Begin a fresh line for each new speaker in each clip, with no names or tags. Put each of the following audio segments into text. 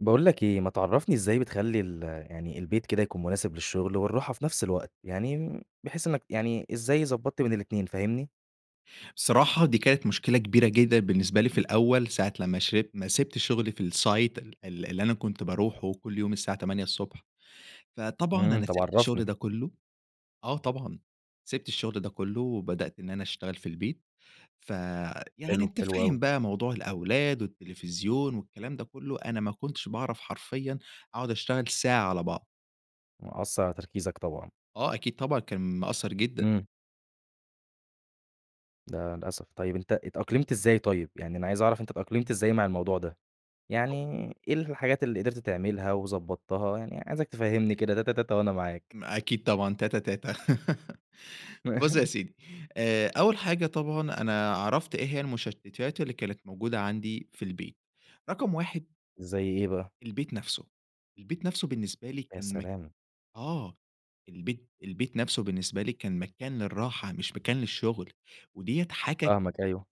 باقول لَك إيه، ما تعرفني إزاي بتخلي ال يعني البيت كده يكون مناسب للشغل والراحة في نفس الوقت؟ يعني بحيث إنَّك يعني إزاي ضبطت بين الاتنين، فاهمني؟
صراحة دي كانت مشكلة كبيرة جدًا بالنسبة لي في الأول، ساعة لما شربت ما سِبت شغلي في الsite ال اللي أنا كنت باروحه كل يوم الساعة 8:00 ص. فطبعًا
امم،
أنا
طب
سِبت الشغل
عرفني.
ده كله، آه طبعًا. سِبت الشغل ده كله، وبدأت إن أنا أشتغل في البيت. فيعني
حلو،
أنتَ
حلو أوي.
فاهم بقى موضوع الأولاد، والتلفزيون والكلام ده كله، أنا ما كنتش باعرف حرفيًا أقعد أشتغل ساعة على بعض.
وأثّر على تركيزَك طبعًا.
آه، أكيد طبعًا، كان مأثر جدًا.
امم. ده للأسف، طيب أنتَ اتأقلمت إزاي طيب؟ يعني أنا عايز أعرف أنتَ اتأقلمت إزاي مع الموضوع ده، يعني
هو
إيه الحاجات اللي قدرت تعملها وضبّطتها؟ يعني عايزَك تفهّمني كده تاتا تاتا وأنا معاك.
ما أكيد طبعًا، تاتا تاتا. بُص يا سيدي، آآ أول حاجة طبعًا، أنا عرفت إيه هي المشتتات اللي كانت موجودة عندي في البيت. رقم 1
زي إيه بقى؟
البيت نفسه، البيت نفسه بالنسبة لي
يا
كان مك
سلام.
آه، البيت البيت نفسه بالنسبة لي كان مكان للراحة مش مكان للشغل، وديّة حاجة
فاهمَك أيوه.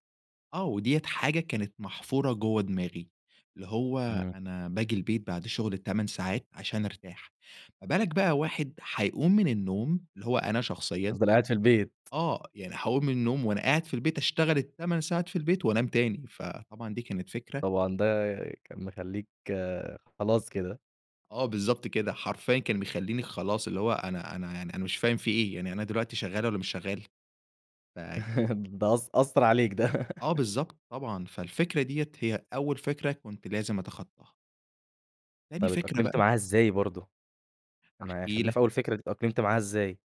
آه، و ديّة حاجة كانت محفُورة جُوَّه دماغي، اللي هو
امم.
أنا باجي البيت بعد شُغل ال8 ساعات عشان أرتاح، ما بالك بقى واحد حيقُوم من النّوم اللي هو أنا شخصيًا،
تِفضَل قاعِد في البيت.
آه، يعني حاقُوم من النّوم وأنا قاعد في البيت أشتغل ال8 ساعات في البيت وأنام تاني، فطبعًا دي كانت فكرة
طبعًا، ده كان مخلِّيك خلاص كده.
آه، بالضبط كده، حرفيًا كان بيخلِّيني خلاص، اللي هو أنا أنا يعني أنا مش فاهم في إيه، يعني أنا دلوقتي شَغَّال والّا مش شَغَّال؟ ف
ده أثـَّ أثَّر عليك ده.
آه، بالضبط طبعًا، فالفكرة ديّة هي أول فكرة كُنت لازم أتخَطَّاهَا. تاني
طب
فكرة
اتأقلمت
بقى.
معاها إزاي برضه؟ أنا
هاحكي
خلّينا
لك.
في أول فكرة دي، اتأقلمت معاها إزاي؟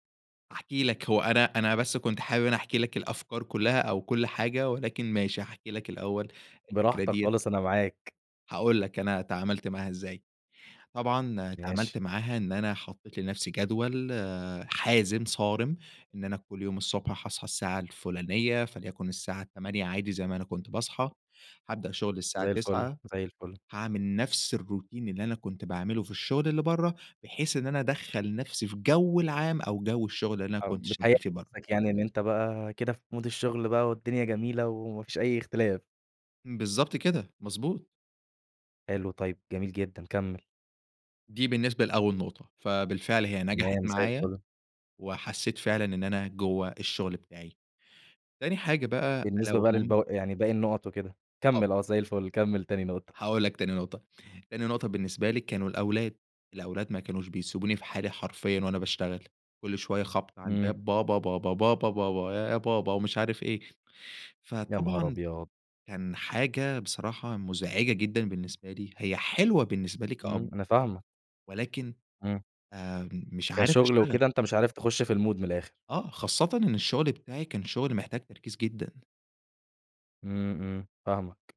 هاحكي لك، هو أنا أنا بس كنت حابب إن أنا أحكي لك الأفكار كُلّها أو كُلّ حاجة، ولكن ماشي هأحكي لك الأول الفكرة
براحتك
دِيّة
خالص، أنا معاك.
هاقول لك أنا تعاملت معاها إزَّاي، طبعًا تعاملت
ماشي.
معاها إن أنا حَطَّيت لنفسي جدول آآ حازم، صَارم، إن أنا كُلّ يوم الصُّبح حاصحى السّاعَة الفُلانيَّة، فليكُن السَّاعة 08:00 عادي زي ما أنا كُنت باصحى، هأبدأ شُغل السَّاعَة
زي الفُل،
09:00
زي الفُل.
هاعمل نفس الروتين اللي أنا كُنت باعملُه في الشُّغل اللي بَرَّه، بحيث إن أنا أدخَّل نفسي فجَو العام أو جَو الشُّغل اللي أنا
أو
كُنت
بتهيَّأ
شَغَّال فيه بَرَّه.
نفسك يعني إن أنت بقى كده في Mood الشُّغل بقى والدُّنيا جميلة، وما فيش أي اختلاف.
بالضبط كده. مضبوط.
حلو طيب جميل جدًا، كمِّل.
دي بالنسبة لأول نقطة. فبالفعل هي نجحت
تمام، زي
معايا،
الفل.
وحسّيت فعلًا إن أنا جوّه الشغل بتاعي. تاني حاجة بقى ألا
بالنسبة بقى
وهم
للب يعني باقي النُقَط وكده؟
طب
كمِّل آه زي الفل كمِّل تاني نقطة.
هاقول لك تاني نقطة. تاني نقطة بالنسبة لي كانوا الأولاد. الأولاد ما كانوش بيسبوني في حالي حرفيًا وأنا باشتغل. كل شوية خَبْط على
إمم.
الباب بابا، بابا، بابا، بابا، يا بابا ومش عارف إيه.
يا نهار
فطبعًا
أبيض!
كان حاجة بصراحة مُزعجة جدًا بالنسبة لي هي حلوة بالنسبة لي
إمم،
كأب،
أنا فاهمك.
ولكن
إمم.
آآ م مش عارف
كشغل
أشتغل.
وكده أنت مش عارف تخُش في المود من الآخر.
آه. خاصةً إن الشغل بتاعي كان شغل محتاج تركيز جدًا.
إمم، إمم، فاهمك.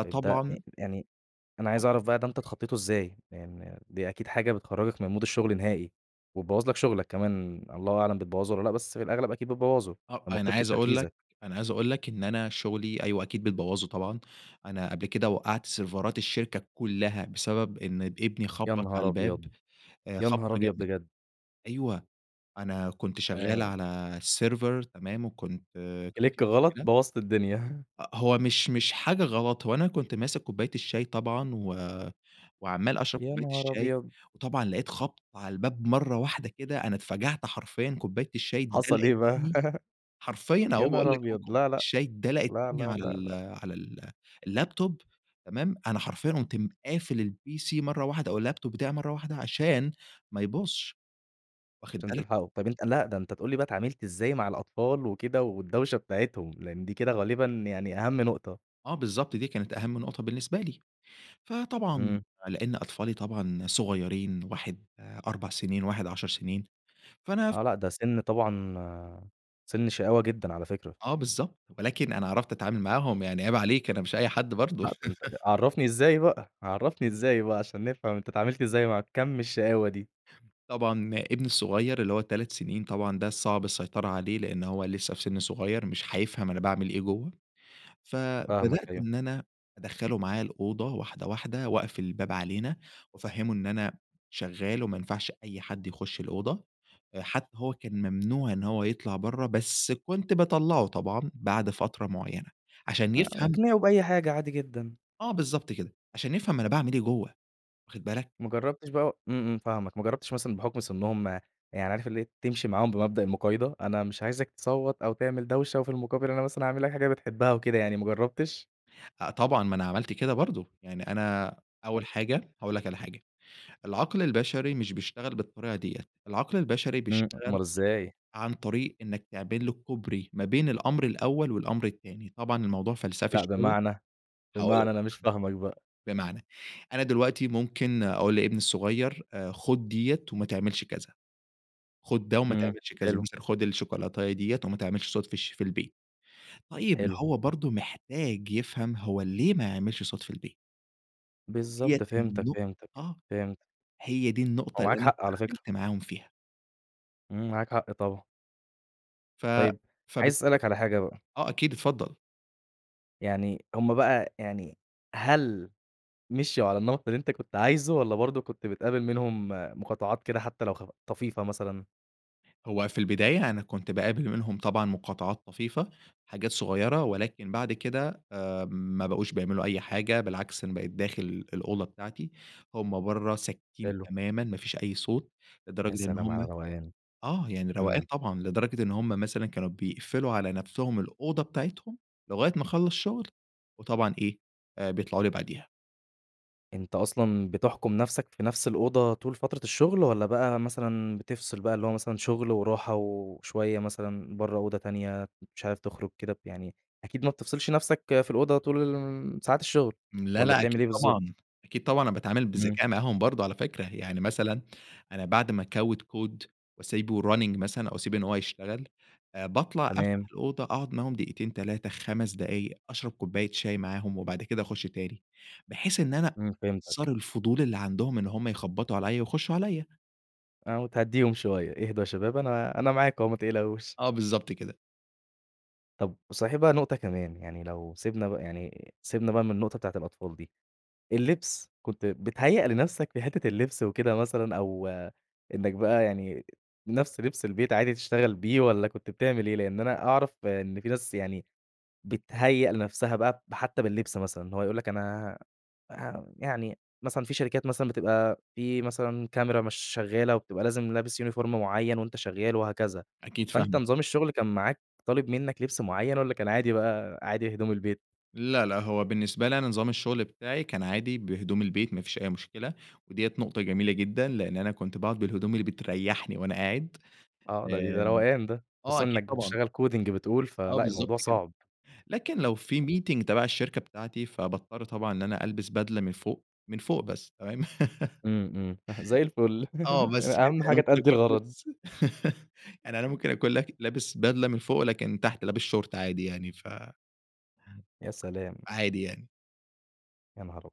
طيب ده أ يعني أنا عايز
[unintelligible]
أعرف بقى ده أنت اتخطّيته إزاي؟ يعني دي أكيد حاجة بتخرّجك من مود الشغل نهائي، وتبوّظ لك شغلك كمان الله أعلم بتبوّظه والّا لأ؟ بس في الأغلب أكيد بتبوّظه
[unintelligible]
لمّا
أنا
بتفقد
عايز أقول
تركيزك.
لك أنا عايز أقول لك إن أنا شغلي أيوه أكيد بتبوّظه طبعًا. أنا قبل كده وقَّعت سيرفرات الشركة كُلّها بسبب إن ابني
يا
خُبّط على
نهار
الباب
أبيض!
أ
يا
خبطة
نهار أبيض
جامدة
بجد!
أيوه. أنا كنت شغّال
آآ
على السيرفر تمام وكنت كان
كليك
في
غلط
مشكلة
بوّظت الدنيا.
أ هو مش مش حاجة غلط، هو أنا كنت ماسك كوباية الشاي طبعًا و وعَمّال أشرب
يا
كوباية
نهار
الشاي،
أبيض!
وطبعًا لقيت خَبْط على الباب مرّة واحدة كده أنا اتفَجَعت حرفيًا كوباية الشاي
حصل
اتدلَقِت
إيه بقى؟
منّي حرفيًا أهو
يا
وباقول
نهار
لك
أبيض!
كوباية
لا، لأ.
الشاي اتدلَقِت
لا،
منّي
لا،
على
لا،
ال
لأ.
على ال اللاب توب تمام؟ أنا حرفيًا قمت قافل الPC مرّة واحدة أو اللاب توب بتاعي مرّة واحدة عشان ما يبوظش. واخد
عشان
بالك؟
تلحقه. طيب أنت لأ ده أنت تقول لي بقى اتعاملت إزاي مع الأطفال وكده والدوشة بتاعتهم؟ لإن دي كده غالبًا يعني أهم نقطة.
آه بالضبط، دي كانت أهم نقطة بالنسبة لي. فطبعًا
إمم.
لإن أطفالي طبعًا صغيرين واحد 4 سنين، وواحد 10 سنين. فأنا ف
آه. لأ، ده سِن طبعًا سِن شقاوة جدًا على فكرة.
آه بالضبط. ولكن أنا عرفت أتعامل معاهم يعني عيب عليك أنا مش أي حد برضه.
لأ ده أنت عرّفني إزاي بقى؟ عرّفني إزاي بقى عشان نفهم أنت اتعاملت إزاي مع كَم الشقاوة دي؟
طبعًا ابني الصغير اللي هو 3 سنين طبعًا ده الصعب السيطرة عليه لإن هو لسّه في سِن صغير مش هيفهم أنا باعمل إيه جوّه.
فاهمك
فبدأت
أيوه.
إن أنا أدخّله معايا الأوضة واحدة، واحدة وأقفل الباب علينا، وأفهِّمه إن أنا شغّال وما ينفعش أي حد يخُش الأوضة أ حتّى هو كان ممنوع إن هو يطلع برّه بس كنت باطلّعه طبعًا بعد فترة معيّنة، عشان
[unintelligible]
يفهم
اقنعه بأي حاجة عادي جدًا.
آه بالضبط كده. عشان يفهم أنا باعمل إيه جوّه واخد بالك؟
ما جرّبتش بقى إمم، إمم فاهمك. ما جرّبتش مثلًا بحُكم سِنّهم يعني عارف اللي إيه تمشي معاهم بمبدأ المُقايضة، أنا مش عايزك تصوّت أو تعمل دوشة، وفي المقابل أنا مثلًا هاعمل لك حاجة بتحبها وكده يعني ما جرّبتش؟
أ طبعًا ما أنا عملت كده برضه. يعني أنا أول حاجة هاقول لك على حاجة. العقل البشري مش بيشتغل بالطريقة ديّة، العقل البشري
إمم،
بيشتغل
أومال إزاي؟
عن طريق إنّك تعمل له كوبري ما بين الأمر الأول والأمر التاني. طبعًا الموضوع فَلسَفي
لأ
شوية.
بمعنى؟
هاقول لك
بمعنى أنا مش
بم
فاهمك بقى؟
بمعنى، أنا دلوقتي ممكن أقول لابني الصغير أ خُد ديّة وما تعملش كذا، خُد ده وما
إمم.
تعملش كذا
حلو.
مثلًا، خُد الشوكولاتيه ديّة وما تعملش صوت في الش في البيت. طيب ما
حلو.
هو برضه محتاج يفهم هو ليه ما يعملش صوت في البيت؟ وديَّة
بالضبط فهمتَك فهمتَك،
النُقطة
فهمت.
هي دي
هو
النقطة اللي
معاك
أنا
حق، على فكرة.
تعاملت معاهم فيها.
امم معاك حق، طبعًا.
ف
طَيب عايز
فبالتالي
أسألك على حاجة بقى.
آه أكيد، اتفضل.
يعني هُم بقى، يعني هل مشيوا على النمط اللي أنتَ كُنت عايزه، والّا برضه كُنت بتقابل منهم مقاطعات كده، حتى لو خ طفيفة مثلًا؟
هو في البداية، أنا كُنت باقابل منهم طبعًا مقاطعات طفيفة، حاجات صُغيرة ولكن بعد كده آمم، ما بقوش بيعملوا أي حاجة، بالعكس أنا بقيت داخل الأوضة بتاعتي، هُم برّه، ساكتين
حلو.
تمامًا، ما فيش أي صوت،
يا
لدرجة إن
سلام على
هُم
الروقان،
آه، يعني روقان
إمم.
طبعًا لدرجة إن هُم مثلًا كانوا بيقفلوا على نفسهم الأوضة بتاعتهم، لغاية ما أخلص شُغل، وطبعًا إيه، آآ، بيطلعوا لي بعديها.
أنت أصلًا بتحكم نفسك في نفس الأوضة، طول فترة الشغل؟ والّا بقى مثلًا، بتفصل بقى، اللي هو مثلًا، شغل وراحة وشوية مثلًا، برّه أوضة تانية، مش عارف تخرج كده ب يعني أكيد ما بتفصلش نفسك في الأوضة طول الُ ن ساعات الشغل،
امم، لا،
والّا
لا،
بتعمل
أكيد
إيه بالضبط؟
طبعًا. أكيد طبعًا أنا باتعامل
إمم.
بذكاء معاهم برضه على فكرة يعني مثلًا، أنا بعد ما أكود كود وأسيبه يrunning مثلًا، أو أسيب إن هو يشتغل، آآ باطلع، أفتح
تمام.
الأوضة، أقعد معاهم دقيقتين، 3، 5 دقايق أشرب كوباية شاي معاهُم، وبعد كده أخُش تاني. بحيث إن أنا
إمم، فهمتَك.
صار الفضول اللي عندهم إن هُم يخبطوا عليَّ ويخشوا عليِّ.
آه وتهديهم شويَّة، إهدوا يا شباب أنا أنا معاكم أهو متقلقوش.
آه، بالضبط كده.
طب صحيح بقى نقطة كمان، يعني لو سِبنا ب يعني سِبنا بقى من النقطة بتاعة الأطفال دي، اللِّبس كنت بتهيّأ لنفسك في حِتَّة اللِّبس وكده مثلًا، أو إنك بقى يعني نفس لِبس البيت عادي تشتغل بيه، والّا كُنت بتعمل إيه؟ لأن أنا أعرف إن في ناس يعني بتهيّأ لنفسها بقى ب حَتَّى باللِّبس مثلًا، هو يقول لك أنا آآ ه يعني مثلًا في شركات مثلًا بتبقى في مثلًا كاميرا مش شَغَّالة، وبتبقى لازم لابس Uniform مُعيَّن وأنت شَغَّال وهكذا،
أكيد
فأنت
فاهمك.
نظام الشُّغل كان معاك طالب منك لِبس مُعيَّن، والّا كان عادي بقى عادي هدوم البيت؟
لا، لا هو بالنِّسبة لي أنا نظام الشُّغل بتاعي، كان عادي بهدوم البيت ما فيش أي مشكلة، ودِيَّة نُقطة جميلة جدًا، لإن أنا كُنت باقعُد بالهدوم اللي بتريَّحني وأنا قاعد،
آه، ده بيبقى
آآ
روقان ده،
آه،
خصوصًا
أكيد
إنك
طبعًا.
بتشتغل Coding بتقول،
آه،
فلأ،
بالضبط
الموضوع
كده،
صعب.
لكن لو في Meeting تبع الشَّركة بتاعتي، فباضطر طبعًا إن أنا ألبس بدلة من فوق، من فوق بس تمام.
إمم، إمم ح زي الفُل
آه، بس كده،
أهم
يعني
حاجة
ممكن
تأدي
أكون
الغرض.
لابس يعني أنا ممكن أكون لاك لابس بدلة من فوق، لكن تحت لابس شورت عادي يعني ف
يا سلام!
عادي يعني.
يا نهار ابيض!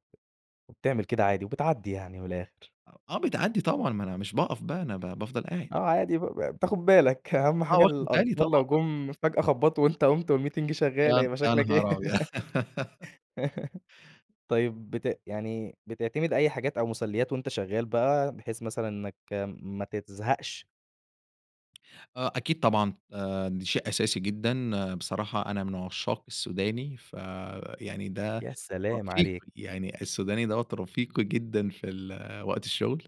وبتعمل كده عادي، وبتعدّي يعني من الآخر.
آه، آه، بتعدّي طبعًا ما أنا مش باقف بقى، أنا بافضل قاعد.
آه عادي، ب بتاخد بالك، أهم
آه،
حاجة
واخد بالي
الأطفال
طبعًا،
لو
آه.
جم فجأة خبّطوا وأنت قمت والmeeting شغّال،
يا ن
هيبقى
يا
شكلك إيه؟
نهار أبيض!
طيب بت يعني بتعتمد أي حاجات أو مسليّات وأنت شغّال بقى، بحيث مثلًا إنّك ما ت تزهقش؟
آه، أكيد طبعًا آآ، ده شيء أساسي جدًا، بصراحة أنا من عشاق السوداني ف يعني ده
يا سلام
رفيقي،
عليك.
يعني السوداني دوَّة رفيقي جدًا في ال وقت الشغل،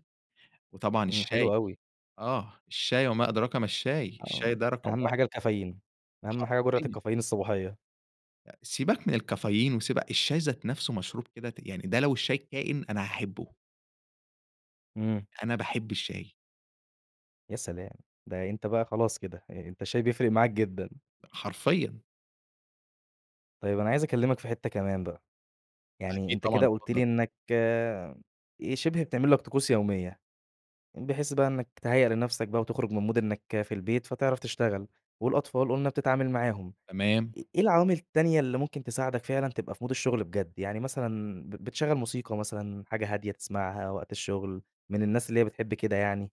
وطبعًا
إمم،
الشاي،
حلو أوي.
آه، الشاي وما أدراك ما الشاي،
آه،
الشاي ده رقم
أهم
1.
حاجة الكافيين، أهم حاجة جرعة
حرفيًا.
الكافيين الصباحية.
أ سيبك من الكافيين وسيبك الشاي ذات نفسُه مشروب كده، ت يعني ده لو الشاي كائن، أنا هاحبُه.
إمم.
أنا باحب الشاي.
يا سلام، ده أنت بقى خلاص كده، أ أنت الشاي بيفرق معاك جدًا.
حرفيًا.
طيب أنا عايز أكلّمك في حتّة كمان بقى، يعني
أكيد
أنت
طبعًا،
كده قلت
اتفضل.
لي إنّك آآ، شبه بتعمل لك طقوس يوميّة، بحيث بقى إنّك تهيأ لنفسك بقى وتخرج من مود إنك في البيت، فتعرف تشتغل، والأطفال قُلنا بتتعامل معاهم،
تمام.
إ إيه العوامل التانية اللي ممكن تساعدك فعلًا تبقى في مود الشغل بجد؟ يعني مثلًا بت بتشغّل موسيقى مثلًا، حاجة هادية تسمعها وقت الشغل، من الناس اللي هي بتحب كده يعني؟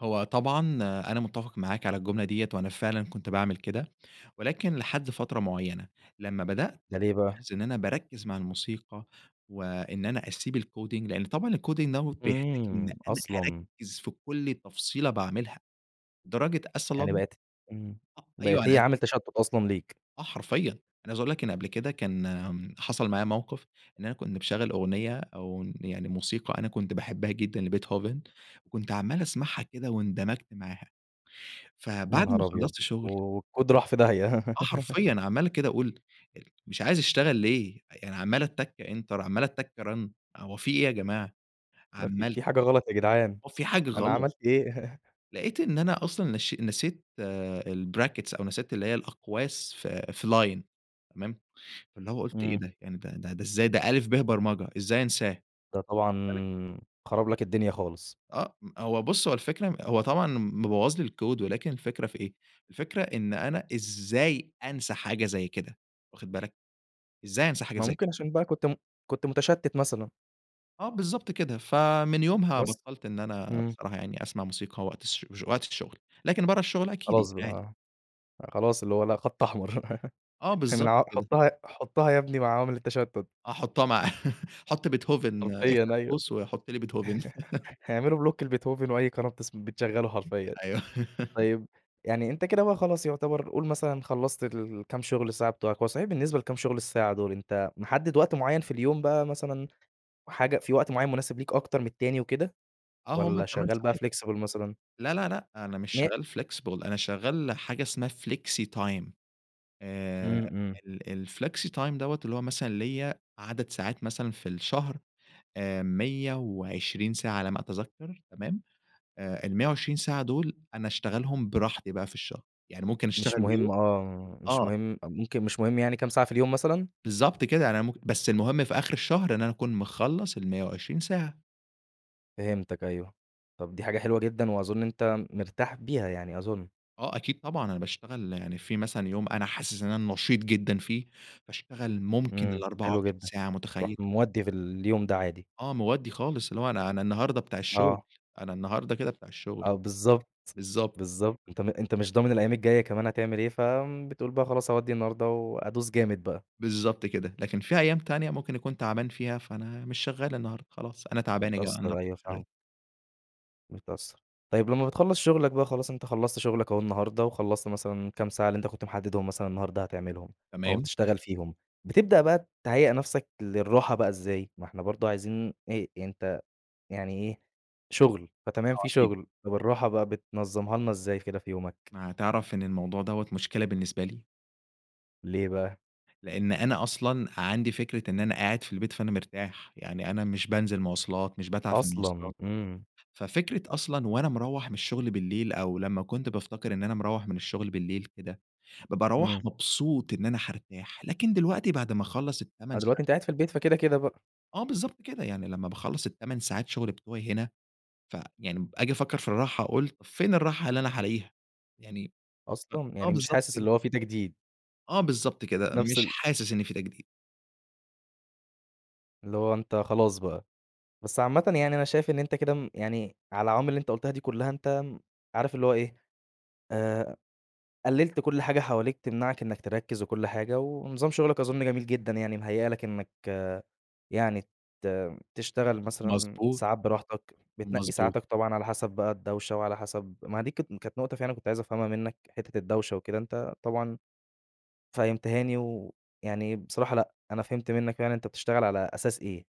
هو طبعًا أنا متِّفق معاك على الجملة دِيّة وأنا فعلًا كنت باعمل كده، ولكن لحد فترة معينة، لما بدأت
ده ليه بقى؟
ألاحظ إن أنا باركّز مع الموسيقى و إن أنا أسيب الcoding لأن طبعًا الcoding دَوّة هو بيحتاج إن
امم،
أنا
أصلًا.
أركّز في كل تفصيلة باعملها، لدرجة
يعني
أصلًا
بقِت امم،
أ أيوه
بقِت
أنا
هي
عايز
عامل
أقول لَك
تشتُّت أصلًا ليك؟
آه حرفيًا، أنا عايز أقول لَك إن قبْل كده كان حصَل معايا موقِف، إن أنا كنت مشغَّل أغنية أو يعني موسيقى أنا كنت باحبها جدًا لبيتهوفن وكنت عَمّال أسمَعها كده واندمجت معاها،
يا
فبعد ما
نهار أبيض!
خلّصت
و
شُغل
والكود راح في داهية.
آه حرفيًا، عَمّال كده أقول أ مش عايز أشتغل ليه؟ يعني عَمّال أتّك enter عَمّال أتّك run هو فيه إيه يا جماعة؟
ما في
عَمّال
في حاجة غلط يا جدعان،
هو في حاجة
أنا
غلط.
عملت إيه؟
لقيت إن أنا أصلًا نشي نسيت آآ الbrackets أو نسيت اللي هي الأقواس في في line، تمام، فاللي هو قُلت إيه
امم.
ده! يعني ده ده ده إزاي ده ألِف، باء برمجة، إزاي أنساه؟!
ده طبعًا
واخِد بالك.
خرَب لَك الدنيا خالص.
آه، هو بُص، هو الفكرة هو طبعًا مبوّظ لي الكود ولكن الفكرة في إيه، الفكرة إن أنا إزاي أنسى حاجة زي كده، واخد بالك، إزاي أنسى حاجة
ما
زي كده!
ممكن عشان بقى كنت م كنت متشتِّت مثلًا.
آه بالضبط كده. ف من يومها
بس؟
بطَّلت إن أنا
امم.
بصراحة يعني أسمَع موسيقى وقت الش وقت الشغل، لكن برَّه الشغل أكيد يعني
خلاص بقى
عادي.
آه، خلاص اللي هو لأ، خط أحمر
آه
من
بالضبط
عو
كده.
حُطّها حُطّها يا ابني مع عوامل التشتُّت.
احطها مع حط بيتهوفن
حرفيًا
افتح
أيوه
قوس، وحط لي بيتهوفن.
هيعملوا بلوك لبيتهوفن وأي قناة بتس بتشغله حرفيًا.
أيوه.
طيب يعني أنت كده بقى خلاص يُعتبَر قل مثلًا خلّصت الكام شُغل ساعة بتوعك، هو صحيح بالنسبة لكام شُغل الساعة دول أنت محدّد وقت معيّن في اليوم بقى مثلًا، حاجة في وقت معيّن مناسب ليك أكتر من التاني وكده،
آه هُم
والّا
ال8
شغال بقى
ساعات،
flexible مثلًا؟
لا، لا، لأ، أنا مش
م
شغّال flexible أنا شغّال حاجة اسمها flexy time آآ
امم، امم.
ال الflexy time دَوّة اللي هو مثلًا ليّا عدد ساعات مثلًا في الشهر، آآ، 120 ساعة على ما أتذكّر تمام، آآ ال120 ساعة دول أنا أشتغلهم براحتي بقى في الشهر، يعني ممكن
مش
أشتغل يوم
مهم آه، مش
آه
مهم، ممكن مش مهم يعني كام ساعة في اليوم مثلًا؟
بالضبط كده، أنا مم بس المهم في آخِر الشهر إن أنا أكون مخلّص ال120 ساعة.
فهمتك أيوه، طَب دي حاجة حلوة جدًا وأظن أنت مرتاح بيها، يعني أظن.
آه، أكيد طبعًا، أنا باشتغل يعني في مثلًا يوم أنا حاسس إن أنا نشيط جدًا فيه، باشتغل ممكن
امم،
الأربعة
حلو
وعشرين
جدًا
ساعة،
تروح
متخيّل؟
مودّي في اليوم ده عادي.
آه، مودّي خالص، اللي هو أنا أنا النهارده بتاع الشغل،
آه.
أنا النهارده كده بتاع الشغل،
آه، بالضبط،
بالضبط.
بالضبط أنت م أنت مش ضامن الأيّام الجايّة كمان هتعمل إيه، ف بتقول بقى خلاص أودّي النهارده وأدوس جامد بقى.
بالضبط كده، لكن في أيّام تانية ممكن أكون تعبان فيها فأنا مش شغّال النهارده، خلاص أنا تعبان يا جماعة
متأثّر،
النهارده
أيوه
مش شغال.
فاهمك. متأثّر، طيّب لمّا بتخلّص شُغلك بقى، خلاص أنت خلّصت شغلك أهو النهارده، وخلصت مثلًا الكام ساعة اللي أنت كنت محدّدهم مثلًا النهارده هتعملهم، أو
تمام.
هتشتغل فيهم، بتبدأ بقى تهيأ نفسك للراحة بقى إزاي، ما إحنا برضه عايزين إيه أنت يعني إيه، شغل، فتمام
آه،
في
أكيد.
شغل، طَب الراحة بقى بتنظمّها لنا إزاي كده في يومك؟
ما تعرف إن الموضوع دوَّة مشكلة بالنسبة لي؟
ليه بقى؟
لأن أنا أصلًا عندي فكرة إن أنا قاعد في البيت فأنا مرتاح، يعني أنا مش بانزل مواصلات، مش باتعب في
أصلًا،
المواصلات،
امم.
ففكرة أصلًا وأنا مروّح من الشغل بالليل، أو لمّا كنت بافتكر إن أنا مروّح من الشغل بالليل كده، ب باروّح
امم.
مبسوط إن أنا حارتاح، لكن دلوقتي بعد ما أخلّص
آه،
ال8
دلوقتي
ساعات
أنت قاعد في البيت فكده، كده بقى.
آه بالضبط كده، يعني لما باخلّص 8 ساعات شغل بتوَعي هنا، فيعني أجي أفكّر في الراحة، أقول: "فين الراحة اللي أنا هالاقِيها؟" يعني أ
أصلًا،
آه،
يعني مش
بالضبط
حاسس
كده.
اللي هو في تجديد؟
آه بالضبط كده،
نفس
مش
ال
حاسس إن في تجديد.
اللي هو أنت خلاص بقى. بس عامةً يعني أنا شايف إن أنت كده م يعني على العوامل اللي أنت قلتها دي كلها، أنت عارف اللي هو إيه، آآ، قلّلت كل حاجة حواليك تمنعك إنك تركّز، وكل حاجة، و ونظام شغلك أظن جميل جدًا، يعني مهيّأ لك إنك يعني ت تشتغل مثلًا
مضبوط.
ساعات براحتك، بتنقي
مضبوط.
ساعاتك طبعًا على حسب بقى الدوشة وعلى حسب ما هي دي كانت كانت نقطة فعلًا كنت عايز أفهمها منك، حتّة الدوشة وكده، أنت طبعًا فهمتها لي. ويعني بصراحة لأ، أنا فهمت منك يعني أنت بتشتغل على أساس إيه،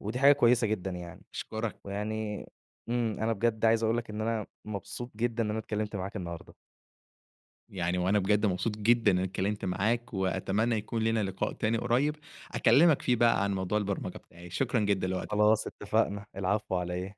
ودي حاجة كويسة جدًا يعني.
أشكرك.
ويعني إمم، أنا بجد عايز أقول لك إن أنا مبسوط جدًا إن أنا اتكلّمت معاك النهارده.
يعني وأنا بجد مبسوط جدًا إن أنا اتكلمت معاك، وأتمنى يكون لينا لقاء تاني قريب أكلمك فيه بقى عن موضوع البرمجة بتاعي. شكرًا جدًا لوقتك.
خلاص اتّفقنا. العفو على إيه.